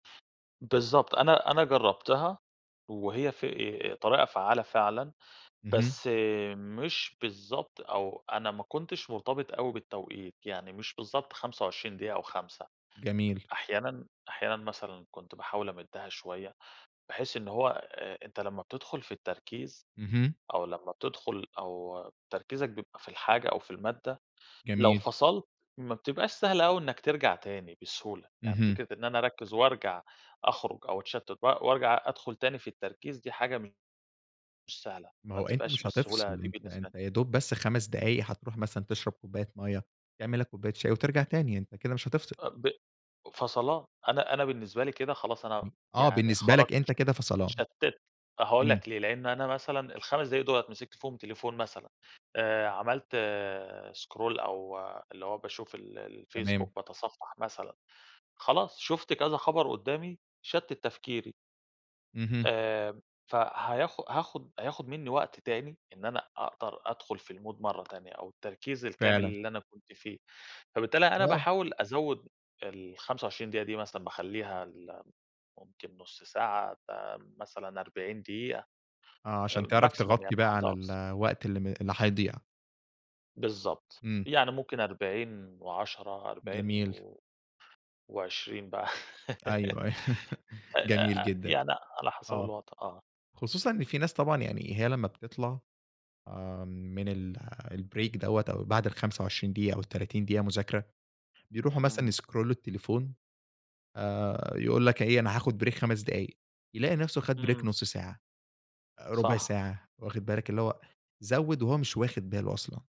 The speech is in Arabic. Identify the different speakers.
Speaker 1: بالضبط، أنا أنا جربتها وهي ف طريقة فعالة فعلًا.
Speaker 2: اهم.
Speaker 1: بس مش بالضبط، أو أنا ما كنتش مرتبط أوي بالتوقيت، يعني مش بالضبط 25 دقيقة و5،
Speaker 2: جميل.
Speaker 1: أحيانًا أحيانًا مثلًا كنت باحاول أمدّها شوية، بحيث إن هو آآ أنت لمّا بتدخل في التركيز،
Speaker 2: اهم.
Speaker 1: أو لمّا بتدخل أو تركيزك بيبقى في الحاجة أو في المادة، لو
Speaker 2: جميل.
Speaker 1: فصلت، ما بتبقاش سهلة أوي إنك ترجع تاني بسهولة، يعني
Speaker 2: اهم.
Speaker 1: فكرة إن أنا أركّز وأرجع أخرج، أو أتشتت و وأرجع أدخل تاني في التركيز دي حاجة م مش سهلة،
Speaker 2: ما
Speaker 1: ما
Speaker 2: هو أنت
Speaker 1: بتبقاش
Speaker 2: مش
Speaker 1: بالسهولة
Speaker 2: هتفصل،
Speaker 1: دي
Speaker 2: أنت
Speaker 1: بالنسبة لي.
Speaker 2: أنت يا دوب بس 5 دقايق هتروح مثلًا تشرب كوباية مَيَّة، تعمل لك كوباية شاي، وترجع تاني، أنت كده مش هتفصل.
Speaker 1: أ ب فصلان. أنا أنا بالنسبة لي كده خلاص، أنا
Speaker 2: امم، آه،
Speaker 1: يعني
Speaker 2: بالنسبة
Speaker 1: خرجت
Speaker 2: لك أنت
Speaker 1: ش
Speaker 2: كده فصلان.
Speaker 1: اتشتِّت. هاقول لك
Speaker 2: امم.
Speaker 1: ليه، لأن أنا مثلًا ال5 دقايق دُولة مسِكت فيهم تليفون مثلًا، آآ عملت سكرول أو اللي هو باشوف ال الFacebook،
Speaker 2: تمام.
Speaker 1: باتصفح مثلًا. خلاص شُفت كذا خبر قُدامي، شتِّت تفكيري.
Speaker 2: اهم.
Speaker 1: آآ فهياخ هاخد هياخد منّي وقت تاني، إن أنا أقدر أدخل في المود مرّة تانية، أو التركيز الكامل
Speaker 2: فعلًا.
Speaker 1: اللي أنا كنت فيه، فبالتالي أنا
Speaker 2: آه.
Speaker 1: باحاول أزوّد ال25 دقيقة دي، مثلًا باخلّيها ل ممكن نص ساعة ب مثلًا 40 دقيقة.
Speaker 2: آه، عشان تعرف
Speaker 1: maximum
Speaker 2: تغطي
Speaker 1: يعني،
Speaker 2: بقى
Speaker 1: حد
Speaker 2: على
Speaker 1: أقصى.
Speaker 2: الوقت اللي م اللي هيضيع.
Speaker 1: بالضبط،
Speaker 2: امم.
Speaker 1: يعني ممكن 40 و10، 40
Speaker 2: جميل.
Speaker 1: و و20 بقى.
Speaker 2: أيوه، أي
Speaker 1: أ
Speaker 2: جميل
Speaker 1: أ
Speaker 2: جدًا،
Speaker 1: يعني على حسب
Speaker 2: آه.
Speaker 1: الوضع، آه.
Speaker 2: خصوصًا إن في ناس طبعًا يعني هي لمّا بتطلع، امم، من ال الbreak دَوَّة أو بعد ال25 دقيقة أو ال30 دقيقة مذاكرة، بيروحوا مثلًا
Speaker 1: امم.
Speaker 2: يسكرولوا التليفون. آآ يقول لك إيه أنا هاخد break 5 دقايق، يلاقي نفسه خد break
Speaker 1: امم.
Speaker 2: نص ساعة، ربع
Speaker 1: صح.
Speaker 2: ساعة، واخد بالك؟ اللي هو زوّد، وهو مش واخد باله أصلًا.